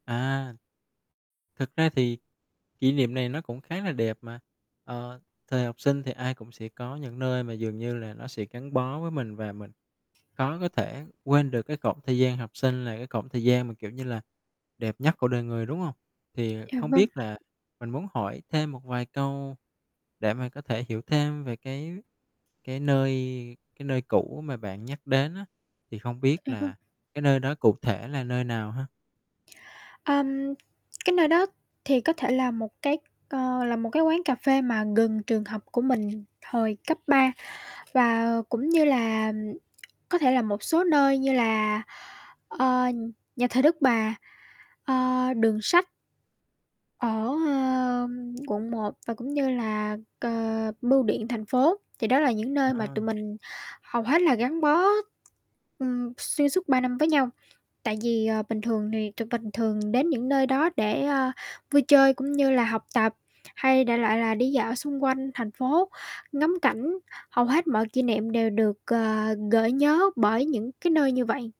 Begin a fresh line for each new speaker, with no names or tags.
À. Thực ra thì kỷ niệm này nó cũng khá là đẹp mà. Ờ, thời học sinh thì ai cũng sẽ có những nơi mà dường như là nó sẽ gắn bó với mình và mình khó có thể quên được, cái cổng thời gian học sinh là cái cổng thời gian mà, kiểu như là, đẹp nhất của đời người, đúng hông? Thì
Dạ,
không
vâng.
biết là mình muốn hỏi thêm một vài câu để mà có thể hiểu thêm về cái cái nơi cái nơi cũ mà bạn nhắc đến á, thì không biết
À, vâng.
là cái nơi đó cụ thể là nơi nào ha?
Ờm. Cái nơi đó thì có thể là một cái, ờ, là một cái quán cà phê mà gần trường học của mình thời cấp 3, và cũng như là có thể là một số nơi như là, ờ, Nhà thờ Đức Bà, ờ, đường sách ở, ờ, Quận 1 và cũng như là c ờ, Bưu điện Thành phố. Thì đó là những nơi mà tụi
Ờ.
mình hầu hết là gắn bó, ừm, xuyên suốt 3 năm với nhau, tại vì, ờ, bình thường thì tụi mình thường đến những nơi đó để, a, vui chơi, cũng như là học tập hay đại loại là đi dạo xung quanh thành phố, ngắm cảnh, hầu hết mọi kỷ niệm đều được, ờ, gợi nhớ bởi những cái nơi như vậy.